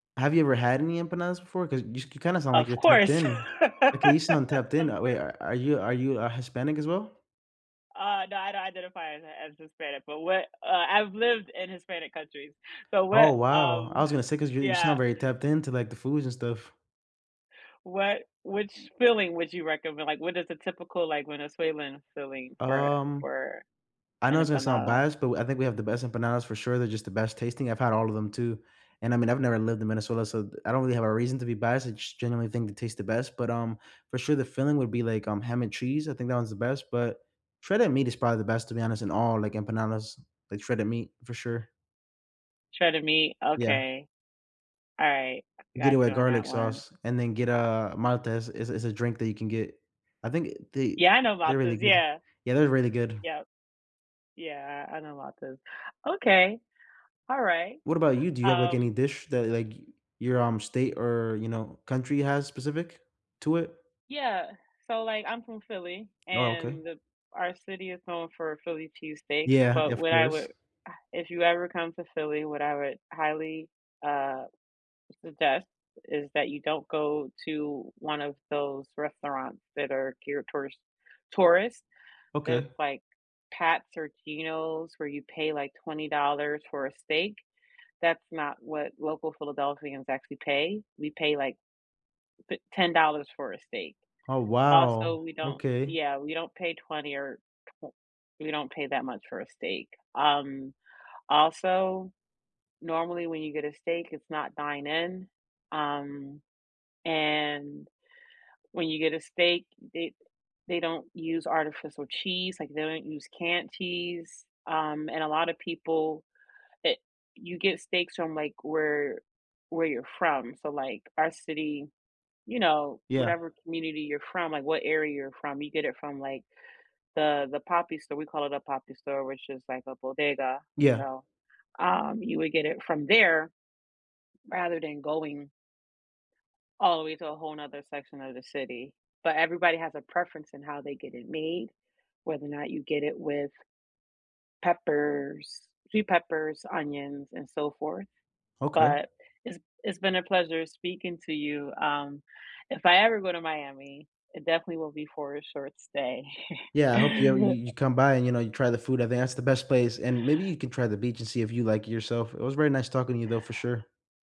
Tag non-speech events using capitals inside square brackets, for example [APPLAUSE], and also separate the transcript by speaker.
Speaker 1: Have you ever had any empanadas before? 'Cause you s you kinda sound like
Speaker 2: Of
Speaker 1: you're tapped
Speaker 2: course.
Speaker 1: in.
Speaker 2: [LAUGHS]
Speaker 1: Like, you sound tapped in
Speaker 2: Of
Speaker 1: that way,
Speaker 2: cour
Speaker 1: a are you are you a Hispanic, as well?
Speaker 2: Uh, no, I don't identify as Hi as Hispanic, but what uh, I've lived in Hispanic countries, so
Speaker 1: Oh,
Speaker 2: what
Speaker 1: wow. I
Speaker 2: um,
Speaker 1: was gonna say, 'cause you're you sound
Speaker 2: yeah.
Speaker 1: very tapped in to, like, the foods and stuff.
Speaker 2: What which filling would you recommend, like, what is a typical, like, Venezuelan filling for
Speaker 1: Um,
Speaker 2: for
Speaker 1: I know
Speaker 2: an
Speaker 1: it's gonna sound
Speaker 2: empanada?
Speaker 1: biased but w I think we have the best empanadas, for sure, they're just the best tasting, I've had all of them, too, and, I mean, I've never lived in Minnesota, so th I don't really have a reason to be biased, I just generally think they taste the best, but, um, for sure, the filling would be like, um, ham and cheese, I think that one's the best, but shredded meat is probably the best, to be honest, in all, like, empanadas, like, shredded meat, for sure.
Speaker 2: Shredded meat?
Speaker 1: Yeah.
Speaker 2: Okay. Alright, I
Speaker 1: Get it
Speaker 2: got you
Speaker 1: with
Speaker 2: on
Speaker 1: garlic
Speaker 2: that one.
Speaker 1: sauce and then get a Maltas, is is a drink that you can get. I think, eh, they
Speaker 2: Yeah, I know
Speaker 1: they're
Speaker 2: Maltas,
Speaker 1: really good.
Speaker 2: yeah.
Speaker 1: Yeah, they're really good.
Speaker 2: Yep. Yeah, I I know Maltas. Okay, alright,
Speaker 1: What about you? Do you have, like, any
Speaker 2: um
Speaker 1: dish that, like, your, um, state, or, you know, country has specific to it?
Speaker 2: Yeah, so, like, I'm from Philly,
Speaker 1: Oh, okay.
Speaker 2: and our city is known for Philly cheesesteaks,
Speaker 1: Yeah. Yeah,
Speaker 2: but
Speaker 1: of
Speaker 2: what I
Speaker 1: course.
Speaker 2: would uh, if you ever come to Philly, what I would highly, uh, suggest is that you don't go to one of those restaurants that are geared towards tourists, that's,
Speaker 1: Okay.
Speaker 2: like, Pat's or Geno's, where you pay, like, $20 for a steak. That's not what local Philadelphians actually pay. We pay, like, t ten dollars for a steak.
Speaker 1: Oh,
Speaker 2: Also,
Speaker 1: wow.
Speaker 2: we don't
Speaker 1: Okay.
Speaker 2: yeah, we don't pay 20, or twe we don't pay that much for a steak. Um, also, normally, when you get a steak, it's not dine in, um, and, when you get a steak, it they don't use artificial cheese, like, they don't use canned cheese, um, and a lotta people it you get steaks from, like, where where you're from, so, like, our city, you know,
Speaker 1: Yeah.
Speaker 2: whatever community you're from, like, what area you're from, you get it from, like, the the papi store, we call it a "papi store," which is like a bodega, you
Speaker 1: Yeah.
Speaker 2: know, um, you would get it from there rather than going all the way to a whole 'nother section of the city. But, everybody has a preference in how they get it made, whether or not you get it with peppers, sweet peppers, onions, and so forth.
Speaker 1: Okay.
Speaker 2: But, it's it's been a pleasure speaking to you. Um, if I ever go to Miami, it definitely will be for a short stay.
Speaker 1: Yeah, I hope you ever you you
Speaker 2: [CHUCKLES]
Speaker 1: come by, and, you know, you try the food. I think that's the best place, and, maybe, you can try the beach, and see if you like it yourself. It was very nice talking to you, though, for sure.